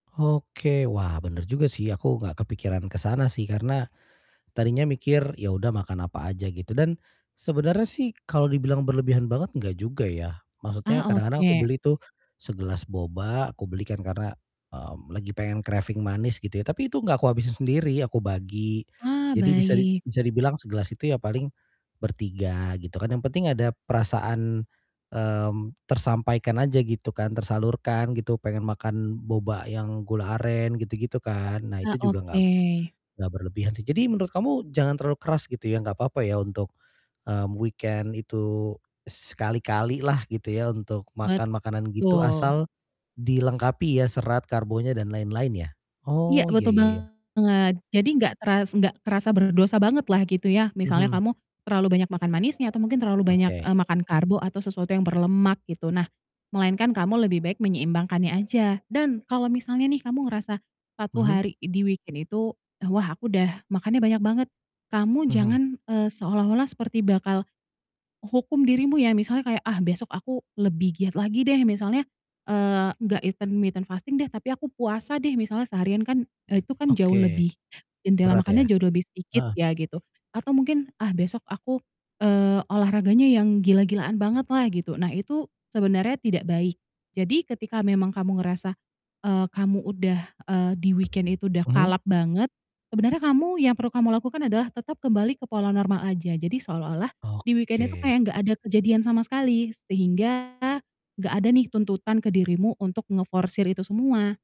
Oke, wah bener juga sih aku gak kepikiran ke sana sih, karena tadinya mikir ya udah makan apa aja gitu dan sebenernya sih kalau dibilang berlebihan banget, gak juga ya, maksudnya Ah, kadang-kadang aku oke. beli tuh segelas boba, aku beli kan karena, mmm, lagi pengen craving manis gitu ya. Tapi itu gak kuhabisin sendiri, aku bagi. Ah, Jadi bisa di baik. bisa dibilang segelas itu ya paling bertiga gitu kan, yang penting ada perasaan, mmm, tersampaikan aja gitu kan, tersalurkan gitu pengen makan boba yang gula aren gitu gitu kan. Nah Ah, itu juga gak oke. gak berlebihan sih. Jadi menurut kamu jangan terlalu keras gitu ya, nggak papa ya untuk, mmm, weekend itu sekali-kali lah gitu ya, untuk makan makanan gitu Betul. asal dilengkapi ya, serat, karbonya dan lain-lain ya. Iya Oh, ya betul ya ya. banget, jadi gak teras gak terasa berdosa banget lah gitu ya, misalnya Mhm. kamu terlalu banyak makan manisnya atau mungkin terlalu banyak, eee, Oke. makan karbo atau sesuatu yang berlemak gitu. Nah, melainkan kamu lebih baik menyeimbangkannya aja dan kalau misalnya nih, kamu ngerasa 1 Mhm. hari di weekend itu, "Wah, aku udah makannya banyak banget," kamu Mhm. jangan, eee, seolah-olah seperti bakal u hukum dirimu ya, misalnya kayak, "Ah, besok aku lebih giat lagi deh misalnya, eee, gak intermitten fasting deh, tapi aku puasa deh misalnya seharian, kan, eee, itu kan jauh Oke, lebih jendela berat ya? makannya jauh lebih sedikit Heeh. ya" gitu, atau mungkin, "Ah, besok aku, eee, olahraganya yang gila-gilaan banget lah" gitu. Nah itu sebenarnya tidak baik, jadi ketika memang kamu ngerasa, eee, kamu udah, eee, di weekend itu udah Mhm. kalap banget, sebenarnya kamu yang perlu kamu lakukan adalah tetap kembali ke pola normal aja, jadi seolah-olah di weekend itu Oke. kayak gak ada kejadian sama sekali sehingga gak ada nih tuntutan ke dirimu untuk ngeforsir itu semua.